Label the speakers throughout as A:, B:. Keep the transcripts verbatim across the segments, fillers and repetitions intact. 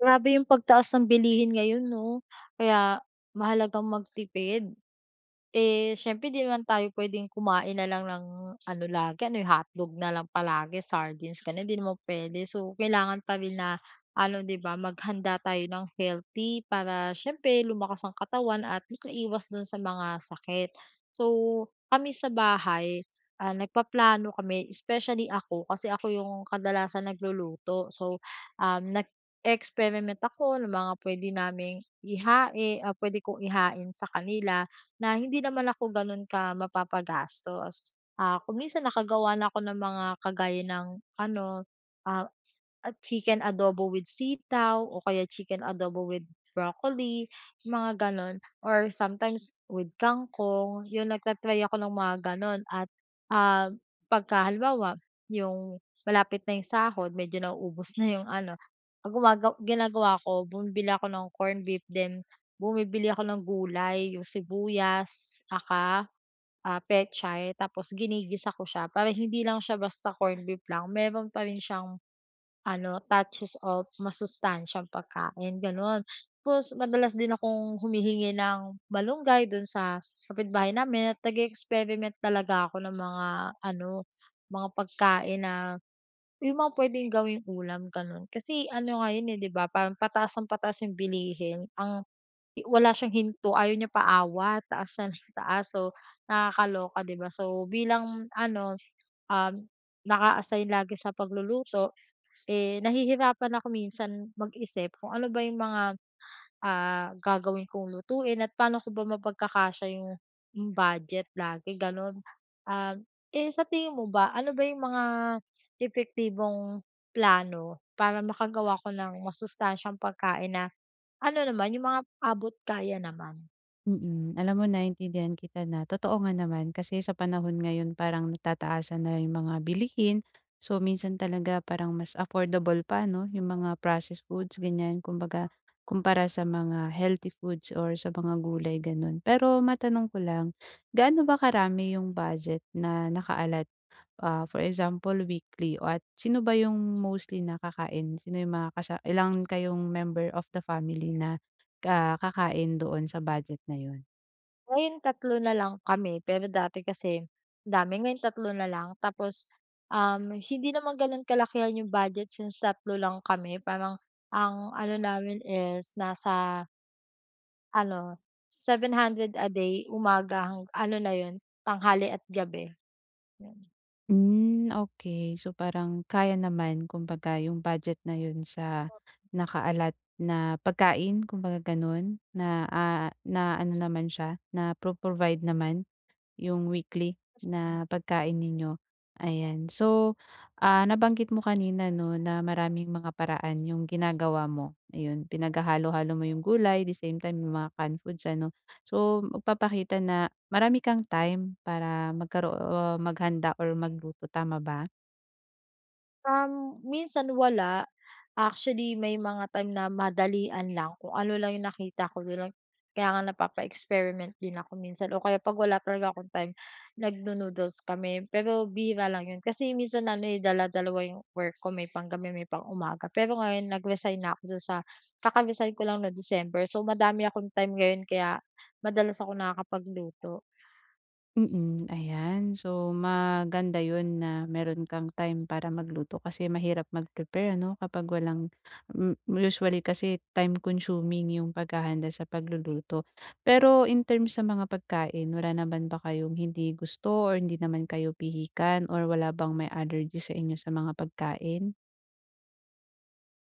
A: Grabe 'yung pagtaas ng bilihin ngayon 'no, kaya mahalagang magtipid. Eh, siyempre 'di naman tayo puwedeng kumain na lang ng ano lagi, ano hotdog na lang palagi, sardines gano'n hindi naman puwede, so kailangan pa rin na ano, 'di ba maghanda tayo ng healthy para siyempre lumakas ang katawan at magkaiwas do'n sa mga sakit. So kami sa bahay, ah, nagpaplano kami especially ako, kasi ako 'yung kadalasan nagluluto. So um, nag-e-experiment ako ng mga puwede naming ihain, ah, puwede kong ihain sa kanila na hindi naman ako gano'n ka mapapagastos. Ah, kung minsan nakagawa ako ng mga kagaya ng ano, ah, chicken adobo with sitaw o kaya chicken adobo with broccoli, mga gano'n or sometimes with, kangkong, 'yun nagta-try ako ng mga gan'on. At ah, pagka halimbawa, 'yung malapit na 'yung sahod medyo nauubos na 'yong ano, gumaga ginagawa ko bumibili ako ng corn beef then bumibili ako ng gulay, 'yung sibuyas, tsaka, ah, pechay, tapos ginigisa ko siya, para hindi lang siya basta corn beef lang meron pa rin siyang ano, touches of masustansiyang pagkain gano'n. Tapos madalas din akong humihingi ng malunggay do'n sa kapitbahay namin at nag-e-experiment talaga ako ng mga ano, mga pagkain na, 'yung mga puwedeng gawing ulam gano'n. Kasi ano nga 'yun, eh, 'di ba, parang pataas ng pataas 'yung bilihin ang wala siyang hinto ayaw niya paawat, taas ng taas. So nakakaloka 'di ba, so bilang ano, um, naka-assign lagi sa pagluluto, eh, nahihirapan ako minsan mag-isip kung ano ba 'yung mga, ah, gagawin kong lutuin at pa'no ko ba mapagkakasya 'yung budget lagi gano'n. Ah, eh, sa tingin mo ba ano ba 'yung mga epektibong plano para makagawa ako ng masustansiyang pagkain na, ano naman 'yung mga abot kaya naman?
B: Mm, alam mo naintindihan kita na totoo nga naman kasi sa panahon ngayon parang tataasan na yung mga bilihin. So, minsan talaga parang mas affordable pa, 'no, yung mga processed foods, ganyan. Kumbaga, kumpara sa mga healthy foods or sa mga gulay, gano'n. Pero matanong ko lang, gaano ba karami yung budget na naka-alot? Ah, for example weekly o at sino ba yung mostly na kakain? Sino yung mga kasa ilang kayong member of the family na ka kakain doon sa budget na yun?
A: Ngayon tatlo na lang kami. Pero dati kasi, dami. Ngayon tatlo na lang. Tapos, um, hindi naman ganun kalakihan yung budget since tatlo lang kami parang ang ano namin is nasa... ano, seven hundred a day, umaga hang ano na yun, tanghali at gabi. Ayan.
B: Hmm, okey, so, parang kaya naman kumbaga yung budget na yun sa
A: Tot mhm.
B: naka-alot na pagkain. Kumbaga, ganun, na, ah, na ano naman siya napro-provide naman yung weekly na
A: Mhm.
B: pagkain ninyo. Ayan, so, ah, nabanggit mo kanina, 'no, na maraming mga paraan yung ginagawa mo, ayun. Pinaghahalo-halo mo yung gulay, the same time, 'yong mga canned foods, ano. So, magpapakita na marami kang time para magkaro o maghanda or magluto tama ba?
A: Um, minsan wala, actually may mga time na madalian lang, kung ano lang yung nakita ko, gano'n. Kaya nga, napapa-experiment din ako minsan. Oh, kaya 'pag wala talaga akong time, nagnu-noodles kami pero bihira lang 'yon. Kasi minsan ano, eh, dala-dalawa 'yung work ko, may panggabi, may pang-umaga. Pero ngayon, nag-resign na ako do'n sa kaka-resign ko lang 'no, December so, madami akong time ngayon kaya madalas ako nakakapagluto.
B: Mm, ayan. So maganda 'yun na meron kang time para magluto, kasi mahirap mag-prepare ano, kapag walang m
A: Tak m.
B: usually kasi time-consuming yung paghahanda sa pagluluto. Pero in terms sa mga pagkain, wala naman ba kayong hindi gusto or hindi naman kayo pihikan or wala bang may allergy sa inyo sa mga pagkain?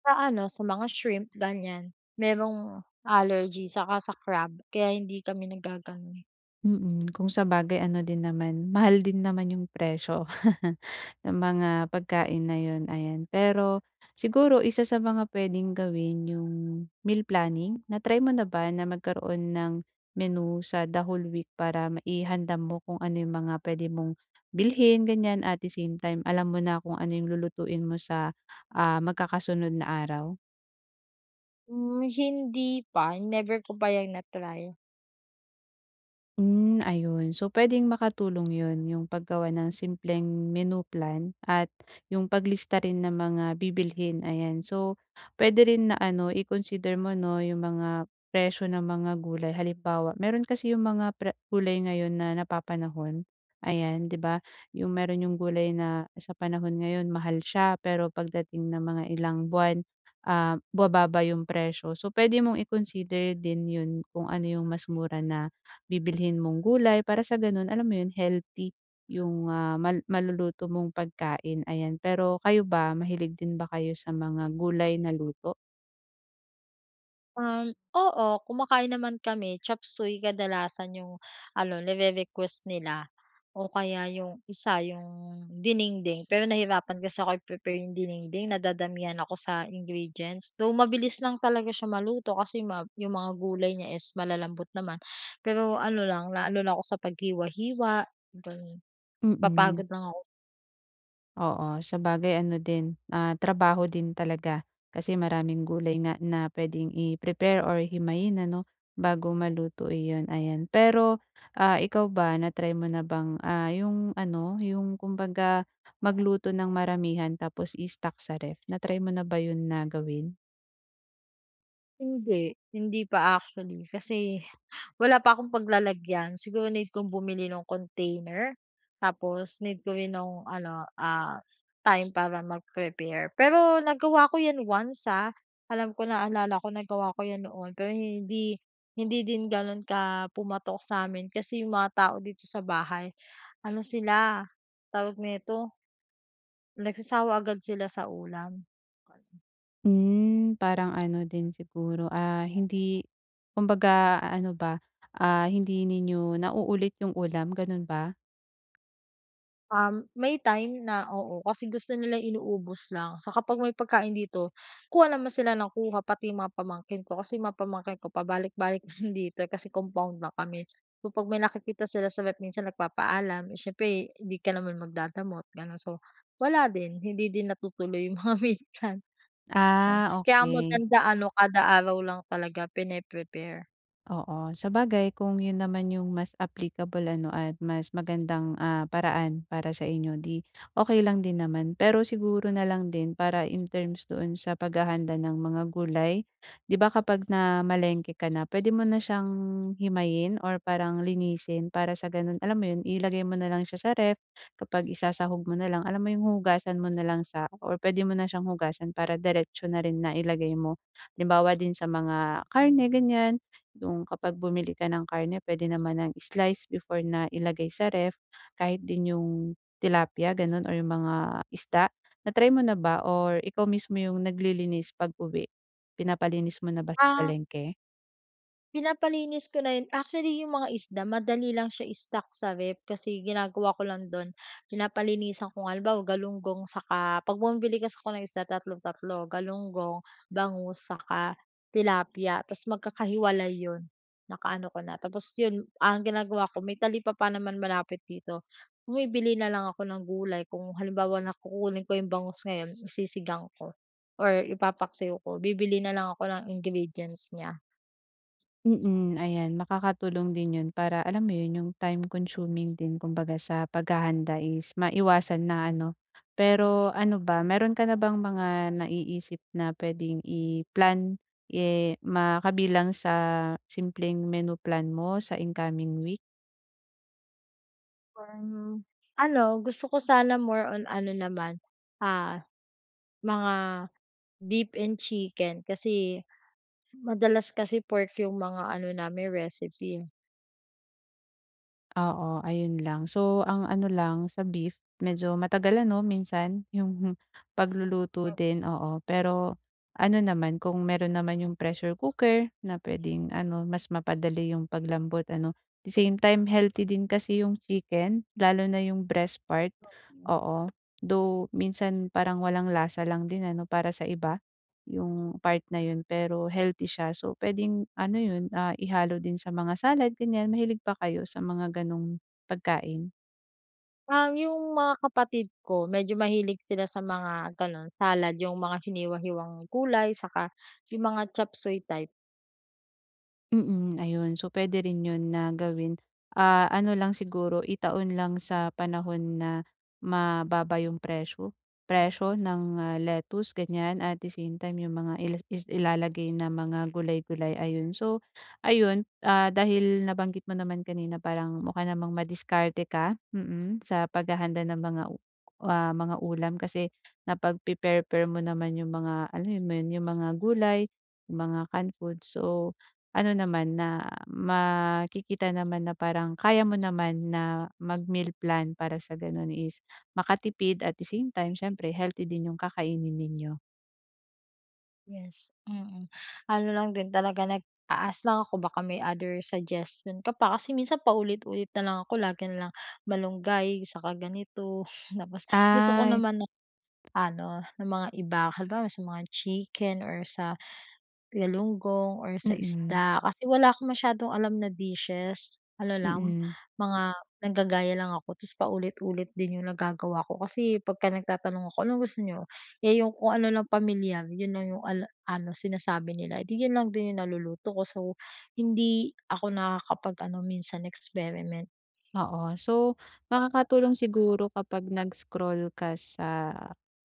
A: Sa ano, sa mga shrimp, ganyan. Merong allergy saka sa crab, kaya hindi kami nag-gagano'n.
B: Mm, kung sabagay ano din naman, mahal din naman yung presyo ng mga pagkain na 'yon, ayan. Pero siguro isa sa mga puwedeng gawin yung, meal planning. Na-try mo na ba na magkaroon ng menu sa the whole week para maihanda mo kung ano yung mga puwede mong bilhin, ganyan, at the same time, alam mo na kung ano yung lulutuin mo sa, ah, magkakasunod na araw?
A: Hmm, hindi pa never ko pa yang na-try.
B: Hmm, ayun so puwedeng makatulong 'yun yung paggawa ng simpleng menu plan at yung paglista rin ng mga bibilhin ayan. So puwede rin na ano i-consider mo 'no yung mga presyo ng mga gulay halimbawa, mayro'n kasi yung mga pre gulay ngayon na napapanahon, ayan 'di ba? Yung mayro'n yung gulay na sa panahon ngayon mahal siya pero pagdating ng mga ilang buwan, ah, bumababa yung presyo so puwede mong i-consider din 'yun kung ano yung mas mura na bibilhin mong gulay para sa gano'n alam mo 'yun healthy yung, ah, mal maluluto mong pagkain, ayan. Pero kayo ba, mahilig din ba kayo sa mga gulay na luto?
A: Um, oo kumakain naman kami. Chop Suey kadalasan yung ano nire-request nila o kaya yung isa yung dinengdeng pero nahirapan kasi akong i-prepare yung dinengdeng na dadamihan ako sa ingredients though mabilis lang talaga siya maluto kasi yung ma yung mga gulay niya is malalambot naman, pero ano lang naano lang ako sa paghiwa-hiwa gano'n.
B: Mm.
A: Napapagod lang ako.
B: Oo, sabagay ano din, ah, trabaho din talaga. Kasi maraming gulay nga na puwedeng i-prepare or himayin ano bago maluto iyon, ayan. Pero, ah, ikaw ba na-try mo na bang, ah, 'yung ano, 'yung kumbaga magluto ng maramihan tapos i-stock sa ref? Na-try mo na ba 'yun na gawin?
A: Hindi. Hindi pa actually kasi wala pa akong paglalagyan. Siguro need kong bumili ng container. Tapos need ko rin nung ano, ah, time para mag-prepare. Pero nagawa ko 'yan once, ah, alam ko naalala ko nagawa ko 'yan noon. Pero hindi hindi din gano'n ka pumatok sa'min. Kasi yung mga tao dito sa bahay ano sila tawag nito nagsasawa agad sila sa ulam.
B: Hmm, parang ano din siguro, ah, hindi kumbaga ano ba, ah, hindi ninyo nauulit 'yung ulam. Gano'n ba?
A: Um, may time na, oo. Kasi gusto nilang inuubos lang. Tsaka pag may pagkain dito, kuha naman sila ng kuha pati mga pamangkin ko. Kasi mga pamangkin ko pabalik-balik din dito, kasi compound lang kami. So pag may nakikita sila sa ref, minsan nagpapaalam, eh, siyempre hindi ka naman magdadamot, gano'n. So wala din, hindi din natutuloy 'yung mga meal plan. 'Yon
B: Ah,
A: kaya ang
B: okey.
A: maganda ano kada araw lang talaga pine-prepare.
B: Oo, sabagay kung 'yon naman 'yong mas applicable, ano, at mas magandang, ah, paraan para sa inyo 'di okey lang din naman. Pero siguro na lang din para in terms doon sa paghahanda ng mga gulay, 'di ba kapag namalengke ka na, puwede mo na siyang himayin or parang linisin. Para sa gano'n, alam mo 'yon, ilagay mo na lang siya sa ref kapag isasahog mo na lang, alam mo 'yong hugasan mo na lang siya or puwede mo na siyang hugasan para diretso na rin na ilagay mo. Halimbawa din sa mga karne, ganiyan, 'yong kapag bumili ka ng karne, puwede naman nang i-slice before na ilagay sa ref, kahit din 'yong tilapia gano'n or 'yong mga isda. Na-try mo na ba or ikaw mismo 'yong naglilinis pag-uwi? Pinapalinis mo na ba sa
A: Ah.
B: palengke?
A: Pinapalinis ko na 'yon. Actually 'yong mga isda madali lang siya stock sa ref kasi ginagawa ko lang do'n pinapalinisan ko nga. Halimbawa galunggong saka 'pag bumili kasi ako ng isda tatlo-tatlo, galunggong, bangus, saka tilapia. 'Tas magkakahiwalay 'yon. Naka-ano ko na, tapos 'yon, ang ginagawa ko may talipapa naman malapit dito. Bumibili na lang ako ng gulay kung halimbawa na kukunin ko 'yong bangus ngayon, isisigang ko or ipapaksiw ko, bibili na lang ako ng ingredients niya.
B: Mm, ayan. Makakatulong din 'yon para alam mo 'yon, 'yong time-consuming din kumbaga sa paghahanda is maiwasan na ano? Pero ano ba mayro'n ka na bang mga naiisip na puwedeng i-plan, eh, makabilang sa simpleng menu plan mo sa incoming week?
A: Parang, ano gusto ko sana more on ano naman, ah, mga beef and chicken. Kasi madalas kasi pork yung mga ano namin recipe, eh.
B: Oo, ayun lang. So, ang ano lang sa beef, medyo matagal ano minsan yung pagluluto
A: M
B: din, oo. Pero ano naman kung mayro'n naman yung pressure cooker na puwedeng ano mas mapadali yung paglambot ano, at the same time healthy din kasi yung chicken lalo na yung breast part,
A: Mm.
B: oo. Though, minsan parang walang lasa lang din ano para sa iba yung part na 'yun pero healthy siya. So, puwedeng ano 'yun, ah, ihalo din sa mga salad, ganyan. Mahilig ba kayo sa mga ganong pagkain?
A: Um, yung mga kapatid ko medyo mahilig sila sa mga gano'n salad, yung mga hiniwa-hiwang gulay 'saka yung mga Chop Suey type.
B: Mm, ayun. So, puwede rin 'yun na gawin, ah, ano lang siguro itaon lang sa panahon na mababa yung presyo, presyo ng, ah, lettuce ganyan at the same time yung mga is ilalagay ng mga gulay-gulay, ayun. So ayun, ah, dahil nabanggit mo naman kanina parang mukha namang madiskarte ka, mm, sa paghahanda ng mga, ah, mga ulam kasi napag-pe-pair-pair mo naman yung mga alam mo 'yun yung mga gulay, yung mga canned food so, ano naman, ah, makikita naman na parang kaya mo naman na mag-meal plan para sa gano'n is makatipid at the same time siyempre healthy din yung kakainin ninyo.
A: Yes, mm. Ano lang din talaga nag-a-ask lang ako baka may other suggestion ka pa, kasi minsan paulit-ulit na lang ako, lagi na lang malunggay, saka ganito, tapos gusto ko
B: Ay.
A: naman ng ano, ng mga iba. Halimbawa, sa mga chicken or sa, galunggong or sa
B: Mm.
A: isda, kasi wala akong masyadong alam na dishes. Ano lang,
B: Mm.
A: mga naggagaya lang ako, tapos paulit-ulit din 'yung nagagawa ko kasi pagka nagtatanong ako, "Anong gusto niyo?" Eh, 'yung kung ano lang pamilyar, 'yon lang ala 'yung ano, sinasabi nila, eh, di, 'yon lang din 'yung naluluto ko. So, hindi ako nakakapag ano minsan, experiment.
B: Oo. So, makakatulong siguro kapag nag-scroll ka sa,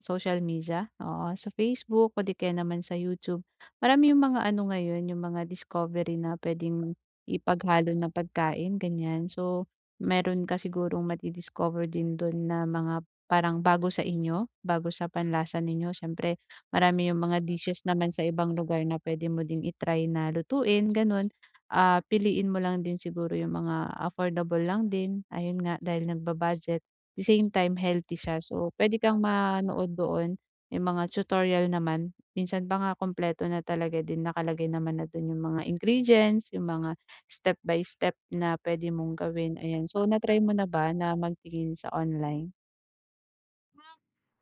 B: social media, oo, sa Facebook, o 'di kaya naman sa YouTube. Marami 'yung mga ano ngayon, 'yung mga discovery na puwede mong, ipaghalo na pagkain, ganiyan. So, meron ka sigurong madi-discover din do'n na mga parang bago sa inyo, bago sa panlasa ninyo, siyempre marami 'yung mga dishes naman sa ibang lugar na puwede mo din i-try na lutuin, gano'n. Ah, piliin mo lang din siguro 'yung mga affordable lang din, ayun nga, dahil nagba-budget, the same time healthy siya. So, puwede kang manood doon, may mga tutorial naman, minsan pa nga, kumpleto na talaga din, nakalagay naman na do'n 'yung mga ingredients, 'yung mga step by step na puwede mong gawin, ayan. So na try mo na ba na magtingin sa online?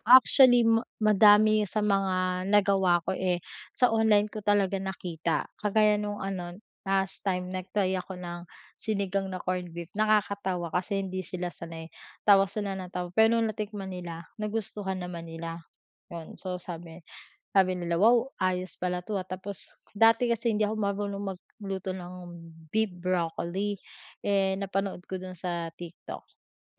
A: Actually ma madami sa mga nagawa ko, eh, sa online ko talaga nakita, kagaya no'ng ano last time nag-try ako ng sinigang na corned beef, nakakatawa kasi hindi sila sanay. Tawa sila nang tawa pero no'ng natikman nila, nagustuhan naman nila. 'Yun so sabi sabi nila, "wow ayos pala 'to, ah," tapos dati kasi hindi ako marunong magluto ng beef broccoli, eh, napanood ko do'n sa TikTok,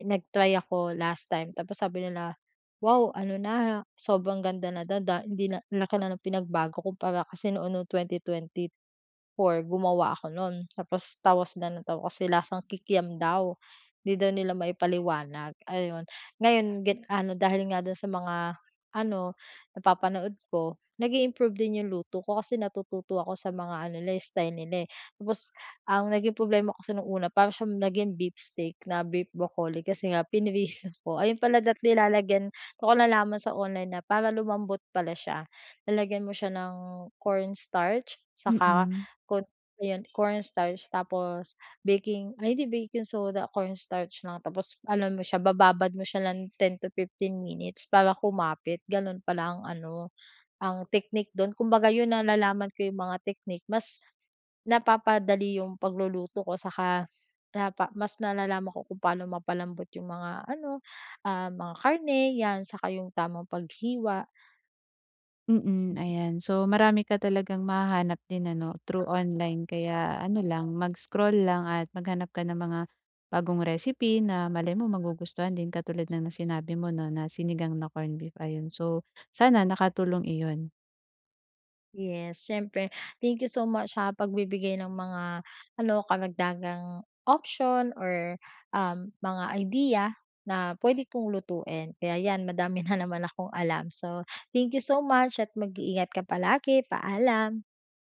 A: nag-try ako last time, tapos sabi nila, "wow ano na, ha," sobrang ganda na daw da hindi na ang laki na ng pinagbago kumpara kasi noon no'ng twenty twenty four gumawa ako no'n, tapos tawa sila nang tawa kasi lasang kikiam daw, hindi daw nila maipaliwanag, ayon. Ngayon get ano dahil nga do'n sa mga ano napapanood ko, nag i-improve din 'yung luto ko kasi natututo ako sa mga ano nila, eh, style nila, eh. Tapos ang naging problema kasi no'ng una para siya naging beef steak na beef broccoli kasi nga pinrito ko. Ayun pala, dapat nilalagyan do'n ko nalaman sa online na para lumambot pala siya, lalagyan mo siya ng cornstarch saka
B: Mm.
A: ko ayon cornstarch tapos baking ay hindi baking soda, cornstarch lang, tapos ano mo siya, bababad mo siya ng ten to fifteen minutes para kumapit, gano'n pala ang ano, ang technique do'n. Kumbaga 'yun nalalaman ko 'yung mga technique, mas napapadali 'yung pagluluto ko saka napa mas nalalaman ko kung paano mapalambot 'yung mga ano, ah, mga karne 'yan saka 'yung tamang paghiwa.
B: Mm, ayan so marami ka talagang mahahanap din ano through online kaya ano lang mag-scroll lang at maghanap ka ng mga bagong recipe na malay mo magugustuhan din katulad nga ng sinabi mo 'no, na sinigang na corned beef, ayun, so sana nakatulong iyon.
A: Yes, siyempre. Thank you so much sa pagbibigay ng mga ano, karagdagang option or, um, mga idea na puwede kong lutuin. Kaya 'yan madami na naman akong alam. So thank you so much at mag-iingat ka palagi. Paalam.